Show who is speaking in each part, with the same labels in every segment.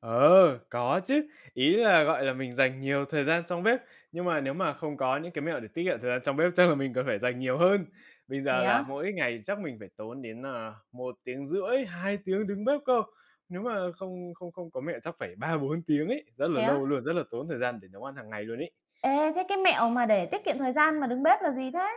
Speaker 1: Ờ, có chứ. Ý là, gọi là, mình dành nhiều thời gian trong bếp, nhưng mà nếu mà không có những cái mẹo để tiết kiệm thời gian trong bếp chắc là mình cần phải dành nhiều hơn. Bây
Speaker 2: Thế
Speaker 1: giờ
Speaker 2: á?
Speaker 1: là mỗi ngày chắc mình phải tốn đến, à, 1,5 tiếng, 2 tiếng đứng bếp cơ. Nếu mà không không không có mẹo chắc phải 3-4 tiếng ấy, rất là
Speaker 2: Thế
Speaker 1: lâu
Speaker 2: á?
Speaker 1: luôn, rất là tốn thời gian để nấu ăn hàng ngày luôn ấy.
Speaker 2: Ê, thế cái mẹo mà để tiết kiệm thời gian mà đứng bếp là gì thế?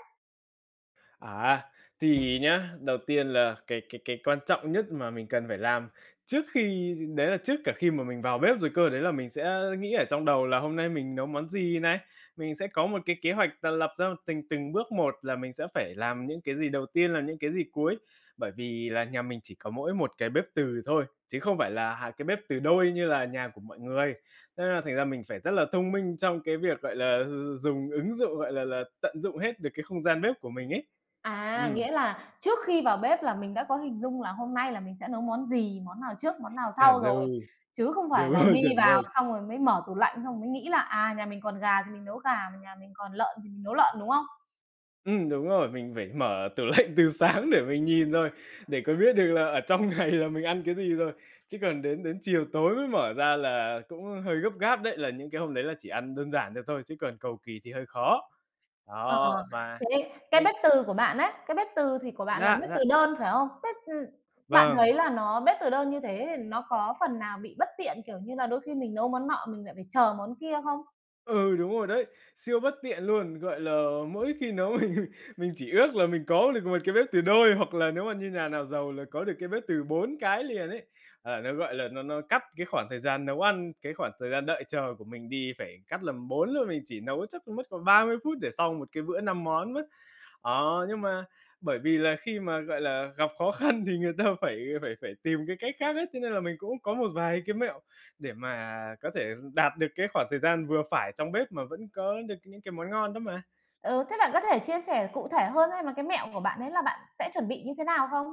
Speaker 1: À, thì nhá, đầu tiên là cái cái cái quan trọng nhất mà mình cần phải làm trước khi d đấy là trước cả khi mà mình vào bếp rồi cơ, đấy là mình sẽ nghĩ ở trong đầu là hôm nay mình nấu món gì này. Mình sẽ có một cái kế hoạch là lập ra tình từng bước một là mình sẽ phải làm những cái gì đầu tiên, làm những cái gì cuối. Bởi vì là nhà mình chỉ có mỗi một cái bếp từ thôi, chứ không phải là 2 cái bếp từ đôi như là nhà của mọi người, thế là thành ra mình phải rất là thông minh trong cái việc gọi là d d dùng ứng dụng, gọi là là, tận dụng hết được cái không gian bếp của mình ấy.
Speaker 2: À,
Speaker 1: Ừm.
Speaker 2: nghĩa là trước khi vào bếp là mình đã có hình dung là hôm nay là mình sẽ nấu món gì, món nào trước, món nào sau
Speaker 1: Chuẩn
Speaker 2: rồi.
Speaker 1: rồi.
Speaker 2: Chứ không phải
Speaker 1: Đúng
Speaker 2: là
Speaker 1: rồi,
Speaker 2: đi
Speaker 1: chuẩn
Speaker 2: vào
Speaker 1: rồi.
Speaker 2: xong rồi mới mở tủ lạnh, xong rồi mới nghĩ là, à, nhà mình còn gà thì mình nấu gà, mà nhà mình còn lợn thì mình nấu lợn, đúng không?
Speaker 1: Ừm, đúng rồi, mình phải mở tủ lạnh từ sáng để mình nhìn rồi, để còn biết được là ở trong ngày là mình ăn cái gì rồi, chứ còn đến đến chiều tối mới mở ra là cũng hơi gấp gáp đấy, là những cái hôm đấy là chỉ ăn đơn giản được thôi, chứ còn cầu kì thì hơi khó.
Speaker 2: Ờ,
Speaker 1: Đó, và
Speaker 2: thế cái
Speaker 1: mình
Speaker 2: bếp từ của bạn ấy, cái bếp từ thì của bạn là
Speaker 1: Dạ,
Speaker 2: bếp
Speaker 1: dạ.
Speaker 2: từ đơn, phải không? Bếp, ừm, bạn thấy
Speaker 1: Vâng.
Speaker 2: là nó bếp từ đơn như thế thì nó có phần nào bị bất tiện, kiểu như là, đôi khi mình nấu món nọ mình lại phải chờ món kia không?
Speaker 1: Ừ, đúng rồi đấy, siêu bất tiện luôn! Gọi là, mỗi khi nấu mình mình chỉ ước là mình có được một cái bếp từ đôi, hoặc là nếu mà như nhà nào giàu là có được cái bếp từ 4 cái liền ấy. Ờ, nó, gọi là, nó nó cắt cái khoảng thời gian nấu ăn, cái khoảng thời gian đợi chờ của mình đi, phải cắt làm 4 luôn, mình chỉ nấu chắc còn mất còn 30 phút để xong 1 cái bữa 5 món á. Ờ, nhưng mà bởi vì là khi mà, gọi là, gặp khó khăn thì người ta phải phải phải tìm cái cách khác ấy, thế nên là mình cũng có một vài cái mẹo để mà có thể r đạt được cái khoảng thời gian vừa phải trong bếp, mà vẫn có được những cái món ngon đó mà.
Speaker 2: Ừ, thế bạn có thể chia sẻ cụ thể hơn ấy, mà cái mẹo của bạn ấy là bạn sẽ chuẩn bị như thế nào không?